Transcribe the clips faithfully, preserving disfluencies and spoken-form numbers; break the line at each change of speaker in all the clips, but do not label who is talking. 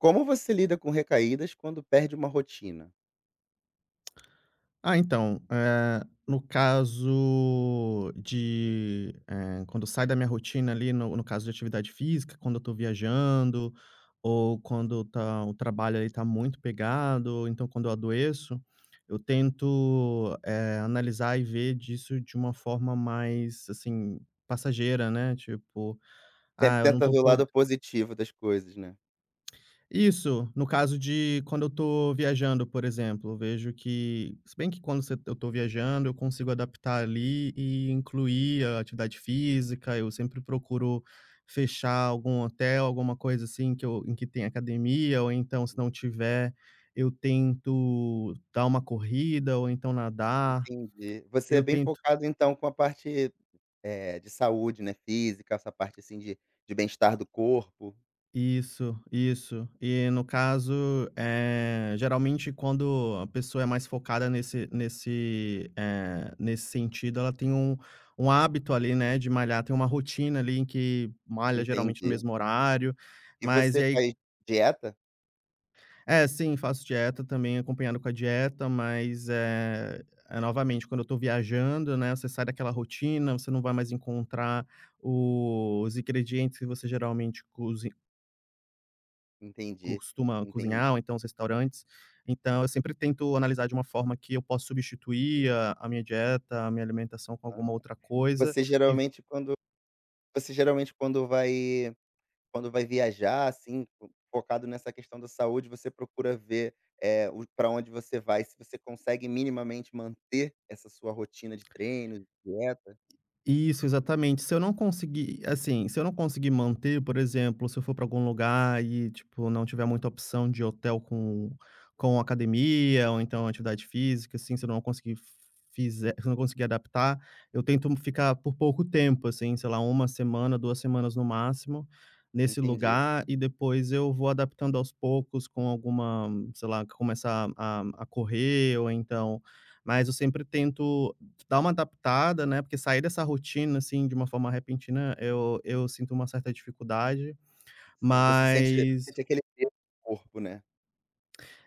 Como você lida com recaídas quando perde uma rotina?
Ah, então, eh, no caso de, eh, quando sai da minha rotina ali no no caso de atividade física quando eu tô viajando, ou quando tá o trabalho ali tá muito pegado, ou então quando eu adoeço, eu tento, eh, analisar e ver disso de uma forma mais, assim, passageira, né, tipo:
Sempre
"Ah, eu não
tenta
tô
ver o
po"
lado positivo das coisas, né.
Isso. No caso de quando eu tô viajando, por exemplo, vejo que se bem que quando você eu tô viajando eu consigo adaptar ali e incluir a atividade física. Eu sempre procuro fechar algum hotel, alguma coisa assim que eu em que tenha academia ou, então, se
Hum.
não tiver, eu tento dar uma corrida ou então nadar.
Entendi. Você é
Eu
bem
tento
focado, então, com a parte, eh, de saúde, né, física, essa parte assim de de bem-estar do corpo?
Isso, isso. E, no caso, eh, geralmente, quando a pessoa é mais focada nesse nesse eh, nesse sentido ela tem um um hábito ali, né, de malhar, tem uma rotina ali em que malha, geralmente, no
Entendi.
mesmo horário,
E
mas e
você
aí
faz dieta?
É, sim, faço dieta. Também acompanhado com a dieta, mas, eh eh, novamente quando eu estou viajando, né, você sai daquela rotina, você não vai mais encontrar o os ingredientes que você geralmente cozi
Entendi,
costuma
entendi.
cozinhar ou então os restaurantes, então eu sempre tento analisar de uma forma que eu posso substituir a a minha dieta a minha alimentação com alguma
Aham,
outra coisa
você
e ve
geralmente quando você geralmente quando vai quando vai viajar, assim, focado nessa questão da saúde, você procura ver, eh, o para onde você vai, se você consegue minimamente manter essa sua rotina de treino, de dieta?
Isso, exatamente, se eu não conseguir, assim, se eu não conseguir manter por exemplo, se eu for para algum lugar e tipo não tiver muita opção de hotel com com academia ou então atividade física, assim, se eu não conseguir fizer se eu não conseguir adaptar, eu tento ficar por pouco tempo, assim, sei lá, uma semana, duas semanas no máximo, nesse
Entendi.
lugar e depois eu vou adaptando aos poucos com alguma, sei lá, começar a a correr ou então mas eu sempre tento dar uma adaptada, né, porque sair dessa rotina assim de uma forma repentina, eu eu sinto uma certa dificuldade.
Sim, você sente
Mas...
sente aquele arrepio no corpo, né.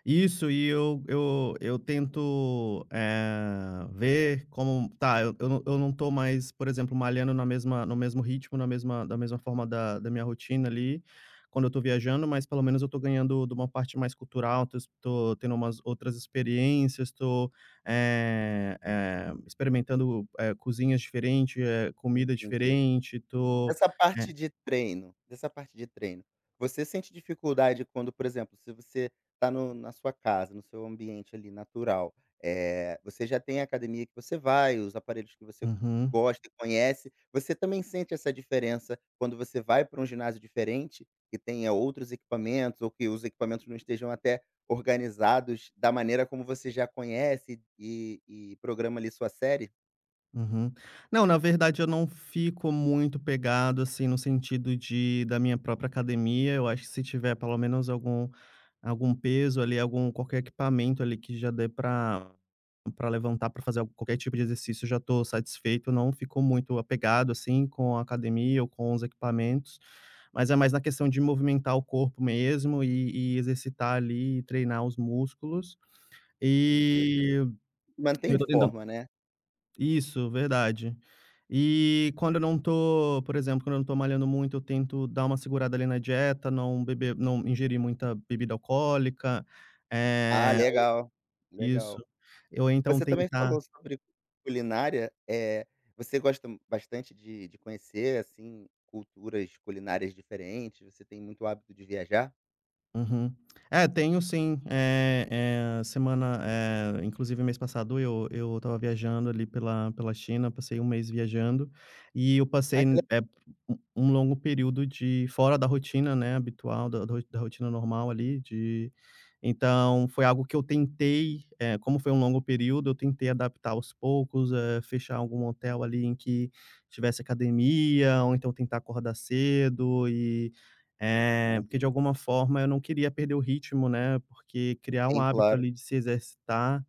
Isso e eu eu eu tento, eh, ver como tá, eu não eu não tô mais, por exemplo, malhando na mesma no mesmo ritmo, na mesma na mesma forma da da minha rotina, ali, quando eu tô viajando, mas pelo menos eu tô ganhando de uma parte mais cultural, tô es tô tendo umas outras experiências, tô, eh eh experimentando, eh, cozinhas diferente, eh, comida
Entendi.
diferente, tô
Essa parte
né
de treino, dessa parte de treino, você sente dificuldade quando, por exemplo, se você tá no na sua casa, no seu ambiente, ali, natural, eh, você já tem a academia que você vai, os aparelhos que você
Uhum.
gosta e conhece, você também sente essa diferença, quando você vai pra um ginásio diferente, que tenha outros equipamentos ou que os equipamentos não estejam até organizados da maneira como você já conhece e e programa, ali, sua série?
Uhum. Não, na verdade eu não fico muito pegado, assim no sentido de da minha própria academia, eu acho que se tiver pelo menos algum algum peso ali, algum qualquer equipamento ali, que já dê pra pra levantar pra fazer al qualquer tipo de exercício, já tô satisfeito, não fico muito apegado, assim, com a academia ou com os equipamentos, mas é mais na questão de movimentar o corpo mesmo e e exercitar ali, e treinar os músculos.
Entendi,
Eh,
manter em
eu tô tentando
forma, né?
Isso verdade. Eh, quando eu não tô por exemplo, quando não tô malhando muito, eu tento dar uma segurada, ali, na dieta, não beber não ingerir muita bebida alcoólica,
Ah,
eh
legal!
Isso,
Legal.
eu ou então
Você também
tentar
falou sobre "culinária", eh, você gosta bastante de de conhecer, assim, culturas culinárias diferentes, você tem muito hábito de viajar?
Uhum, é, tenho sim. Eh eh, semana eh, inclusive mês passado eu eu estava viajando, ali, pela pela China, passei um mês viajando, e eu
Ai
passei
que lega
eh, um um longo período de fora da rotina, né, habitual da da ro da rotina normal, ali, de então, foi algo que eu tentei, eh, como foi um longo período eu tentei adaptar aos poucos, eh, fechar algum hotel, ali, em que tivesse academia ou, então, tentar acordar cedo e eh, porque de
Aham.
alguma forma eu não queria perder o ritmo, né, porque criar um
Sim,
hábito,
claro.
ali, de se exercitar,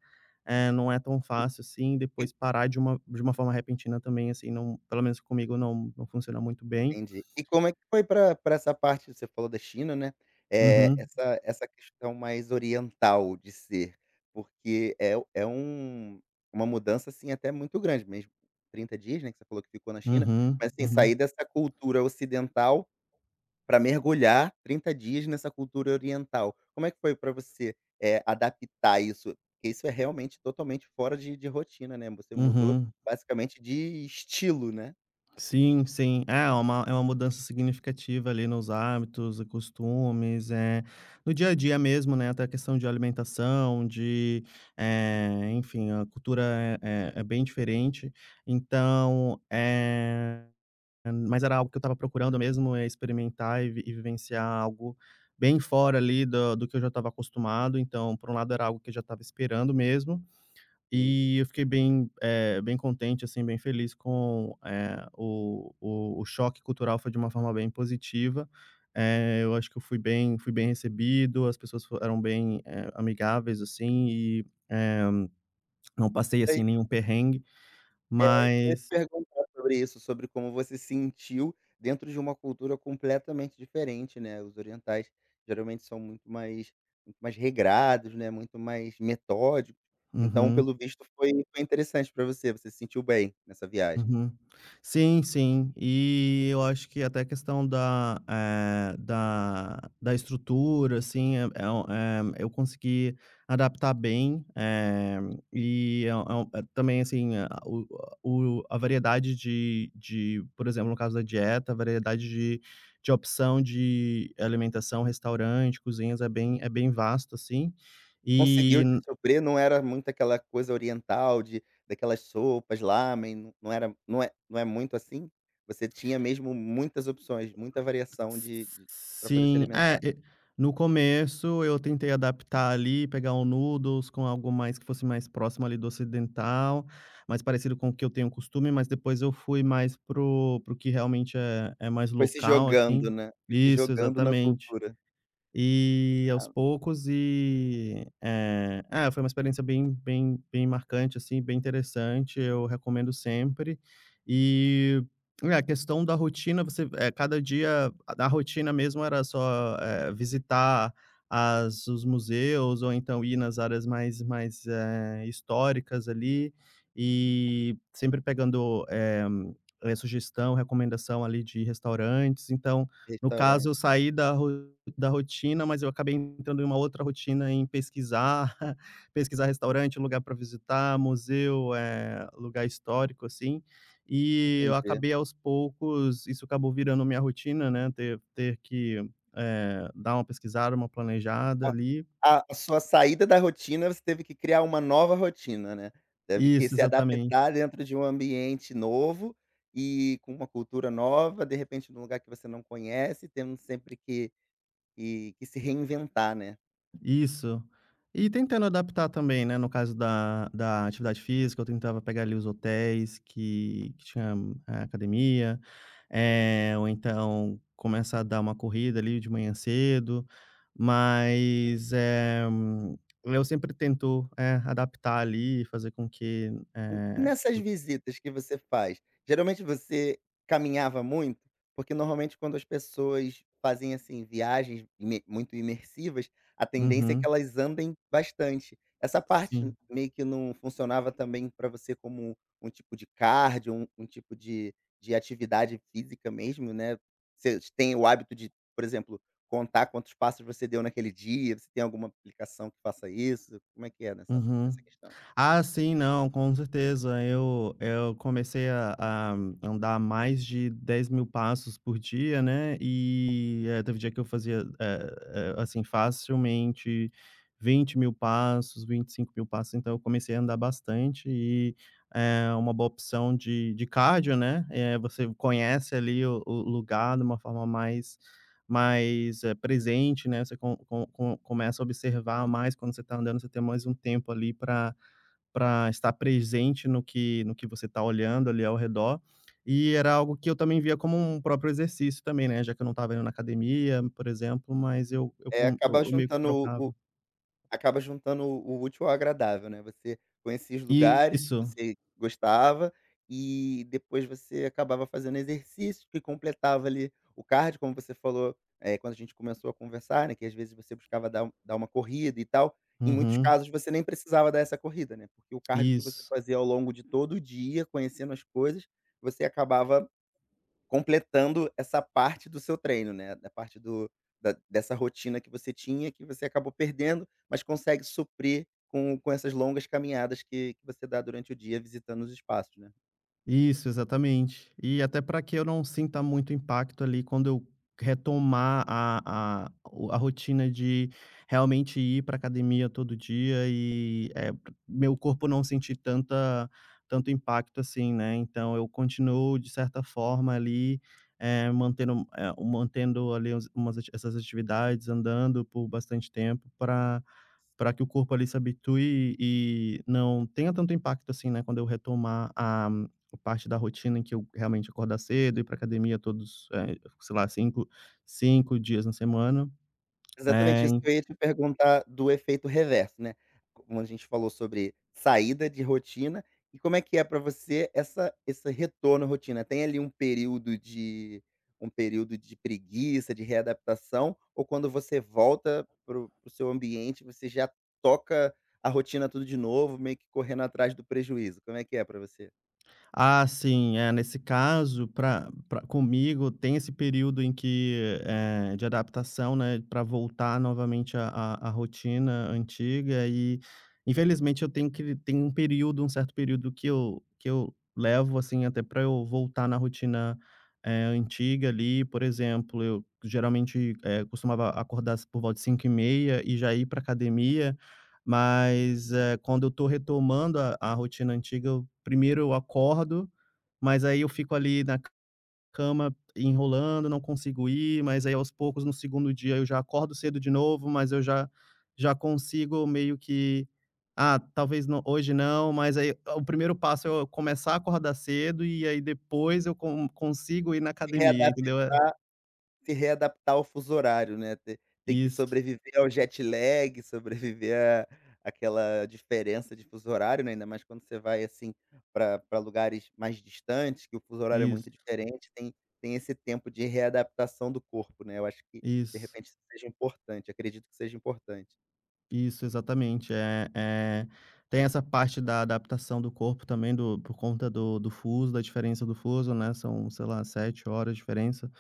eh, não é tão fácil, assim, e depois parar de uma de uma forma repentina também, assim, não pelo menos comigo não não funciona muito bem.
Entendi. E como é que foi pra pra essa parte você falou da China, né, Eh,
Uhum.
essa essa questão mais oriental de ser, porque é u é um uma mudança, assim, até muito grande mesmo trinta dias, né, que você falou que ficou na China,
Uhum,
mas tem
uhum.
saí dessa cultura ocidental pra mergulhar trinta dias nessa cultura oriental, como é que foi pra você, eh, adaptar isso? Porque isso é realmente totalmente fora de de rotina, né, você mudou
Uhum.
basicamente de estilo, né?
Sim, sim, ah, é uma uma mudança significativa ali nos hábitos e costumes, eh, no dia a dia mesmo, né, até a questão de alimentação, de, eh, enfim, a cultura é é bem diferente, então, eh, mas era algo que eu estava procurando mesmo, é experimentar e e vivenciar algo bem fora ali do do que eu já estava acostumado. Então, por um lado, era algo que eu já estava esperando mesmo,
Sim.
e eu fiquei bem, eh, bem contente, assim, bem feliz com, eh, o o choque cultural foi de uma forma bem positiva. Eh, eu acho que eu fui bem fui bem recebido, as pessoas fo eram bem, eh, amigáveis, assim, e, eh, não passei assim
[unintelligible]
nenhum perrengue,
É, isso que eu ia te
mas
perguntar sobre isso, sobre como você sentiu dentro de uma cultura completamente diferente, né, os orientais geralmente são muito mais muito mais regrados, né, muito mais metódicos, então,
Uhum.
pelo visto, foi foi interessante pra você, você se sentiu bem nessa viagem?
Uhum. Sim, sim, e eu acho que até a questão da, eh, da da estrutura, assim, eh, é um eh, eu consegui adaptar bem. E é um também, assim, a o o a variedade de de, por exemplo, no caso da dieta, a variedade de de opção de alimentação, restaurante, cozinhas é bem é bem vasto, assim.
Conseguiu
E
te suprir, não era muito aquela coisa oriental de daquelas sopas, lámen, não era, não é não é muito assim, você tinha mesmo muitas opções, muita variação de de pra poder se
Sim,
alimentar.
é, e no começo eu tentei adaptar ali, pegar o noodles com algo mais que fosse mais próximo ali do ocidental, mais parecido com o que eu tenho costume, mas depois eu fui mais para o para o que realmente é é mais
Foi se
local,
jogando,
assim
né. Foi se
isso,
jogando na
exatamente.
cultura.
E, aos
Ah.
poucos, e, eh é, foi uma experiência bem bem bem marcante, assim, bem interessante, eu recomendo sempre. E é, a questão da rotina, você cada dia a rotina mesmo era só, eh, visitar as os museus ou então ir nas áreas mais mais, eh, históricas ali, e sempre pegando, eh, sugestão, recomendação ali de restaurantes. Então, no caso, eu
Restaurante.
saí da ro da rotina, mas eu acabei entrando em uma outra rotina, em pesquisar, pesquisar restaurante, lugar pra visitar, museu, eh, lugar histórico, assim, e eu
Entendi.
acabei, aos poucos isso acabou virando minha rotina, né, ter ter que, eh, dar uma pesquisada, uma planejada ali.
A a sua saída da rotina, você teve que criar uma nova rotina, né, deve que
Isso,
se
exatamente.
adaptar dentro de um ambiente novo e com uma cultura nova, de repente, em um lugar que você não conhece, tendo sempre que que que se reinventar, né?
Isso. E tentando adaptar também, né, no caso da da atividade física, eu tentava pegar ali os hotéis que que tinham, eh, academia, eh, ou então começa a dar uma corrida ali de manhã cedo, mas, eh, eu sempre tento, eh, adaptar ali e fazer com que,
Hum,
eh,
nessas
eu
visitas que você faz, geralmente você caminhava muito? Porque normalmente quando as pessoas fazem, assim, viagens ime muito imersivas, a tendência é que
Uhum.
elas andem bastante. Essa parte
Sim.
meio que não funcionava também pra você como um tipo de cardio, um um tipo de de atividade física mesmo, né, vocês têm o hábito de, por exemplo, contar quantos passos você deu naquele dia? Você tem alguma aplicação que faça isso? Como é que é nessa
Uhum.
nessa questão?
Ah, sim. Não, com certeza, eu eu comecei a a andar mais de dez mil passos por dia, né. E, eh, teve dia que eu fazia, eh eh, assim, facilmente vinte mil passos, vinte e cinco mil passos. Então eu comecei a andar bastante e é uma boa opção de de cardio, né, eh, você conhece ali o o lugar de uma forma mais mais, eh, presente, né, você com com com começa a observar mais, quando você tá andando você tem mais um tempo ali pra pra estar presente no que no que você tá olhando ali ao redor. E era algo que eu também via como um próprio exercício também, né, já que eu não estava indo na academia, por exemplo, mas eu eu
É,
com
acaba
eu meio que
juntando o o
trocava.
acaba juntando o o útil ao agradável, né. Você conhecia os lugares que
Isso.
você gostava e depois você acabava fazendo exercício que completava ali o cardio, como você falou, eh, quando a gente começou a conversar, né, que às vezes você buscava dar um dar uma corrida e tal. Em muitos
Uhum.
casos, você nem precisava dar essa corrida, né, porque o cardio que você
Isso.
fazia ao longo de todo o dia, conhecendo as coisas, você acabava completando essa parte do seu treino, né. Da parte do da dessa rotina que você tinha, que você acabou perdendo, mas consegue suprir com com essas longas caminhadas que que você dá durante o dia, visitando os espaços, né.
Isso, exatamente. E até pra que eu não sinta muito impacto, ali, quando eu retomar a a o a rotina de realmente ir pra academia todo dia e eh, meu corpo não sentir tanta tanto impacto, assim, né, então eu continuo de certa forma, ali, eh, mantendo eh mantendo, ali, umas essas atividades andando por bastante tempo pra pra que o corpo, ali, se habitue e e não tenha tanto impacto, assim, né, quando eu retomar a a parte da rotina em que eu realmente acordar cedo, ir pra academia todos, eh, sei lá, cinco cinco dias na semana.
Exatamente
Eh,
isso que
hein
eu, ia, te perguntar do efeito reverso, né, como a gente falou sobre saída de rotina, e como é que é pra você, essa esse retorno à rotina, tem, ali, um período de um período de preguiça, de readaptação, ou quando você volta para o para o seu ambiente você já toca a rotina tudo de novo, meio que correndo atrás do prejuízo, como é que é pra você?
Ah, sim, eh, nesse caso pra pra comigo tem esse período em que, eh, de adaptação, né, pra voltar novamente, a a a rotina antiga, e infelizmente eu tenho que v tem um período um certo período que eu que eu levo, assim, até pra eu voltar na rotina, eh, antiga, ali, por exemplo eu geralmente, eh, costumava acordar às por volta de cinco e meia e já ir pra academia, mas eh, quando eu tô retomando a a rotina antiga eu, primeiro eu acordo, mas, aí, eu fico, ali, na cama enrolando, não consigo ir, mas, aí, aos poucos no segundo dia eu já acordo cedo de novo, mas eu já já consigo meio que: "Ah talvez nã hoje não", mas, aí, eh, o primeiro passo é eu começar a acordar cedo, e aí, depois eu con consigo ir na
Se
academia
readaptar
entendeu? É
se readaptar ao fuso horário, né, ter ter que
Isso.
sobreviver ao jet-lag, sobreviver a aquela diferença de fuso horário, né, ainda mais quando você vai, assim, pra pra lugares mais distantes, que o fuso horário é muito
Isso.
diferente, tem tem esse tempo de readaptação do corpo, né, eu acho que, de
Isso.
repente isso seja importante, acredito que seja importante.
Isso, exatamente. Eh eh, tem essa parte da adaptação do corpo também, do por conta do do fuso da diferença do fuso, né, são, sei lá, sete horas diferença.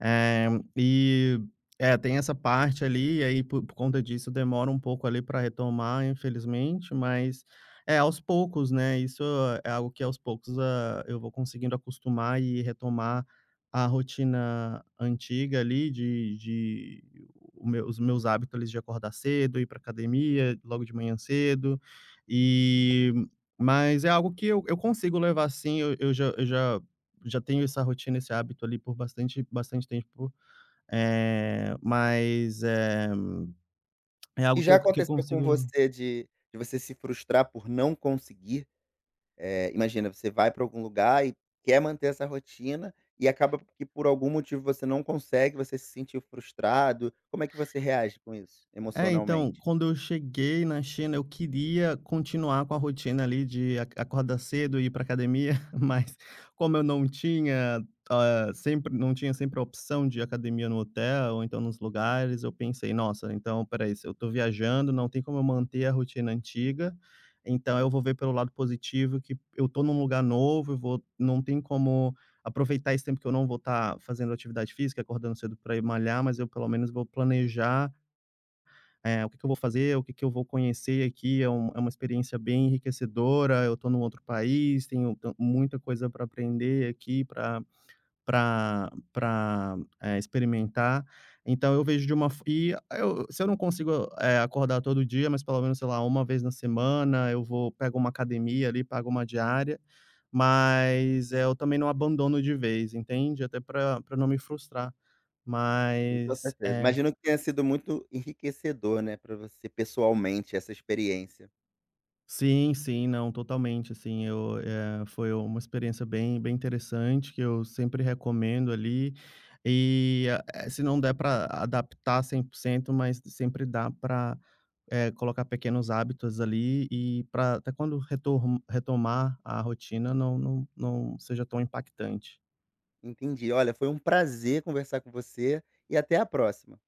Eh, e é, tem essa parte ali e aí, por por conta disso, demora um pouco ali para retomar, infelizmente, mas É aos poucos, né, isso é algo que, aos poucos, ah, eu vou conseguindo acostumar e retomar a rotina antiga ali de de O o meu os meus hábitos, ali, de acordar cedo, ir pra academia logo de manhã cedo, e Mas é algo que eu eu consigo levar sim. Eu eu já eu já já tenho essa rotina, esse hábito, ali, por bastante bastante tempo. Eh, mas é é
E
algo que
já
eu que eu
aconteceu com
consigo lev
você de de você se frustrar por não conseguir? Eh, imagina, você vai para algum lugar e quer manter essa rotina e acaba que, por algum motivo, você não consegue, você se sentiu frustrado? Como é que você reage com isso,
É, então,
emocionalmente?
quando eu cheguei na China, eu queria continuar com a rotina, ali, de ac acordar cedo e ir pra academia mas como eu não tinha, ah, sempre não tinha sempre a opção de ir à academia no hotel ou então nos lugares, eu pensei: "Nossa, então espera aí. Se eu estou viajando, não tem como eu manter a rotina antiga, então eu vou ver pelo lado positivo que eu estou num lugar novo, eu vou Não tenho como aproveitar esse tempo que eu não vou estar fazendo atividade física, acordando cedo para ir malhar, mas eu, pelo menos, vou planejar" "eh, o que que eu vou fazer, o que que eu vou conhecer aqui, é um é uma experiência bem enriquecedora, eu estou em um outro país, tenho tan muita coisa para aprender aqui, pra pra pra, eh, experimentar". Então eu vejo de uma fo e eu se eu não consigo, eh, acordar todo dia, mas pelo menos, sei lá, uma vez na semana eu vou pego uma academia ali, pago uma diária, mas, eh, eu também não abandono de vez, entende? Até pra pra não me frustrar.
Sim, com
Mas
certeza.
É.
Imagino que tenha sido muito enriquecedor, né, pra você pessoalmente essa experiência.
Sim, sim. Não, totalmente, assim, eu é, foi uma experiência bem bem interessante, que eu sempre recomendo, ali, e, eh, se não der para adaptar cem por cento, mas sempre dá para, eh, colocar pequenos hábitos, ali, e para até quando retorm retomar a rotina, não não não seja tão impactante.
Entendi. Olha, foi um prazer conversar com você e até a próxima.